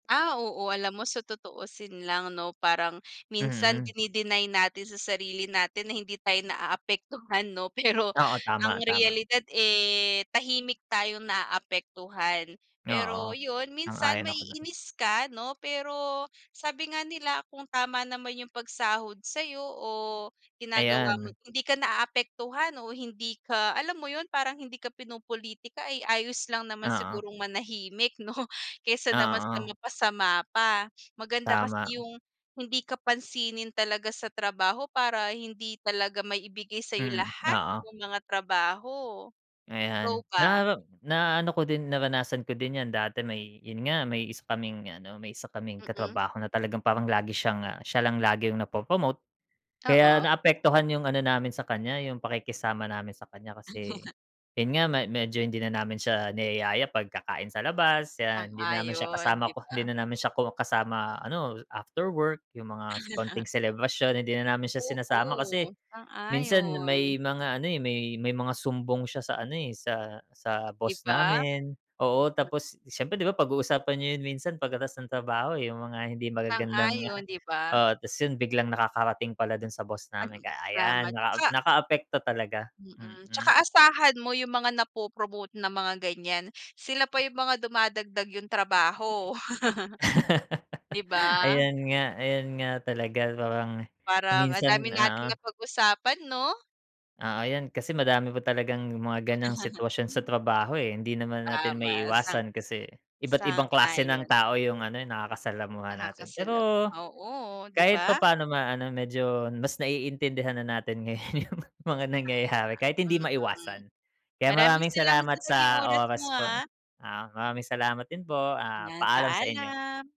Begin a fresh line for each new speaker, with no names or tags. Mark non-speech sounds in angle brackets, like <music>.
Ah, oo alam mo sa tutuusin lang 'no parang, minsan
Mm.
dini-deny natin sa sarili natin na hindi tayo na-aapektuhan 'no pero
Oo
ang
tama-tama.
realidad, eh, tahimik tayong na-aapektuhan. Pero
Oo.
yun, minsan
Sang-ayon ako dun.
ma-iinis ka no pero, sabi nga nila kung tama naman yung pag-sahod sa'yo o ginagawa mo
Ayan.
hindi ka naapektuhan o hindi ka, alam mo yun parang hindi ka pinopolitika ay ayos lang naman
Oo.
sigurong manahimik no? Kaysa naman sa
Oo.
mapasama pa, maganda kasi
Tama.
yung hindi ka pansinin talaga sa trabaho para hindi talaga maibigay sa'yo
Hmm,
lahat
oo.
yung mga trabaho. Ikaw
Ayan,
ba?
na na-ano ko din naranasan ko din yan dati may yun nga, may isa kaming ano, may isa kaming
Mm.
katrabaho na talagang parang lagi siya siya lang yung na-popromote kaya
Oo.
na-apektuhan yung ano namin sa kanya yung pakikisama namin sa kanya
Oo nga.
kasi, yun nga, me medyo hindi na namin siya niyaya pag-kakain sa labas kaya hindi naman siya
Sang-ayon,
kasama
'di
ko hindi
ba?
na namin siya kasama ano after work, yung mga konting selebrasyon hindi na namin siya sinasama
Oo,
kasi, minsan
sang-ayon.
may mga ano eh, may may mga sumbong siya sa ano eh, sa sa
'Di
boss
ba?
namin oo tapos siyempre di ba pag uusapan niyo yun minsan pag-katas ng trabaho eh, yung mga hindi magagandang
Sang-ayon 'di ba?
oo tas yun biglang nakakarating pala dun sa boss
At
namin kaya ayan,
lamat.
naka
Tsaka
naka-apekto talaga,
Mm,
mm.
tsaka asahan mo yung mga na-popromote ng mga ganyan, sila pa yung mga dumadagdag yung trabaho. <chuckles> Di
<laughs>
ba?
Ayun nga ayun nga talaga parang
Parang ang
minsan
dami
oo.
nating napag-usapan 'no?
Oo 'yan kasi madami pa talagang mga ganong sitwasyon sa
<laughs>
trabaho, eh, hindi naman natin
Tama sang-a
maiiwasan kasi iba't ibang klase ng
sang-ayon.
tao yung ano yung nakaka-salamuha natin
Nakakasalab
pero,
oo 'di
kahit
ba?
papaano ma ano medyo mas naiintindihan na natin ngayon yung mga nangyayari kahit hindi
Tama, mm.
maiwasan. Kaya
Maraming
maraming
salamat sa
salamat
naging
sa
oras mo,
oras po a
ah.
ah, maraming salamat din po
'Yan
paalam sa inyo.
paalam.